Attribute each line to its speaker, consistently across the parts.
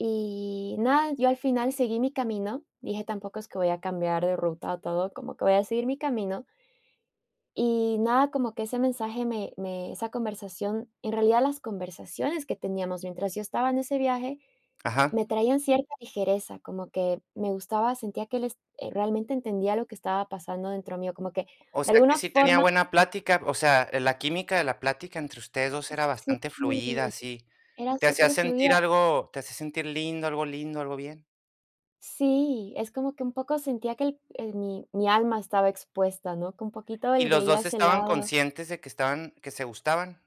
Speaker 1: Y nada, yo al final seguí mi camino, dije, tampoco es que voy a cambiar de ruta o todo, como que voy a seguir mi camino. Y nada, como que ese mensaje me me esa conversación En realidad, las conversaciones que teníamos mientras yo estaba en ese viaje,
Speaker 2: Ajá.
Speaker 1: me traían cierta ligereza, como que me gustaba, sentía que él es eh, realmente, entendía lo que estaba pasando dentro mío, como que,
Speaker 2: O
Speaker 1: de
Speaker 2: sea, que
Speaker 1: alguna
Speaker 2: sí tenía
Speaker 1: forma
Speaker 2: buena plática, o sea, la química de la plática entre ustedes 2 era bastante fluida,
Speaker 1: Sí,
Speaker 2: así.
Speaker 1: era
Speaker 2: ¿Te hacía
Speaker 1: superfluida.
Speaker 2: sentir algo te hacía sentir lindo, algo lindo, algo bien?
Speaker 1: Sí, es como que un poco sentía que el el mi mi alma estaba expuesta, ¿no?, que un poquito
Speaker 2: ¿Y
Speaker 1: él
Speaker 2: los
Speaker 1: veía
Speaker 2: 2
Speaker 1: ese
Speaker 2: estaban
Speaker 1: lado.
Speaker 2: conscientes de que estaban que se gustaban?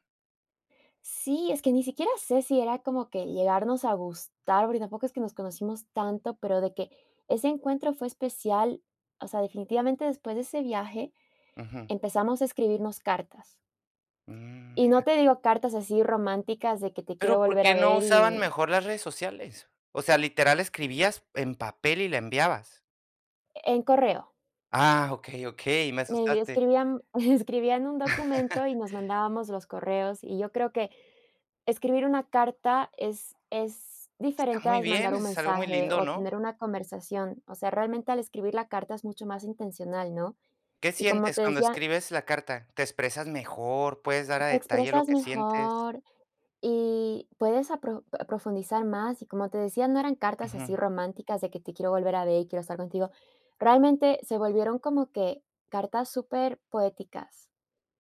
Speaker 1: Sí, es que ni siquiera sé si era como que llegarnos a gustar, porque tampoco es que nos conocimos tanto, pero de que ese encuentro fue especial o sea, definitivamente, después de ese viaje
Speaker 2: Ujú.
Speaker 1: empezamos a escribirnos cartas.
Speaker 2: Mm,
Speaker 1: Y no
Speaker 2: mira.
Speaker 1: te digo cartas así románticas, de que te quiero
Speaker 2: Pero, ¿por
Speaker 1: volver a
Speaker 2: qué no
Speaker 1: ver
Speaker 2: usaban
Speaker 1: y
Speaker 2: mejor las redes sociales? O sea, literal escribías en papel y la enviabas.
Speaker 1: En correo.
Speaker 2: Ah, okey, okey, me
Speaker 1: Eh,
Speaker 2: asustaste.
Speaker 1: escribían escribían un documento y nos mandábamos los correos, y yo creo que escribir una carta es es
Speaker 2: Está
Speaker 1: diferente
Speaker 2: muy
Speaker 1: al
Speaker 2: bien,
Speaker 1: mandar
Speaker 2: eso
Speaker 1: un
Speaker 2: es algo muy
Speaker 1: mensaje
Speaker 2: lindo,
Speaker 1: o
Speaker 2: ¿no?
Speaker 1: tener una conversación. O sea, realmente, al escribir la carta es mucho más intencional, ¿no?,
Speaker 2: ¿Qué
Speaker 1: y como
Speaker 2: sientes
Speaker 1: te
Speaker 2: cuando
Speaker 1: decía
Speaker 2: escribes la carta? ¿Te expresas mejor? ¿Puedes dar
Speaker 1: te
Speaker 2: a detalle lo
Speaker 1: expresas
Speaker 2: que sientes?
Speaker 1: mejor y puedes a pro profundizar más, y como te decía, no eran cartas así
Speaker 2: Ujú.
Speaker 1: románticas de que: "Te quiero volver a ver y quiero estar contigo", realmente, se volvieron como que, cartas superpoéticas,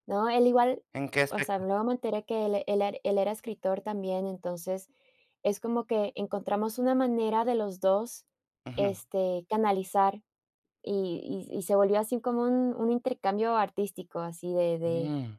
Speaker 1: ¿no?, él igual
Speaker 2: ¿En qué
Speaker 1: O sea,
Speaker 2: aspecto?
Speaker 1: luego me enteré que él e él e él era escritor también, entonces, es como que encontramos una manera de los 2,
Speaker 2: Ujú.
Speaker 1: este, canalizar, y y y se volvió así como un un intercambio artístico, así de de
Speaker 2: Mm.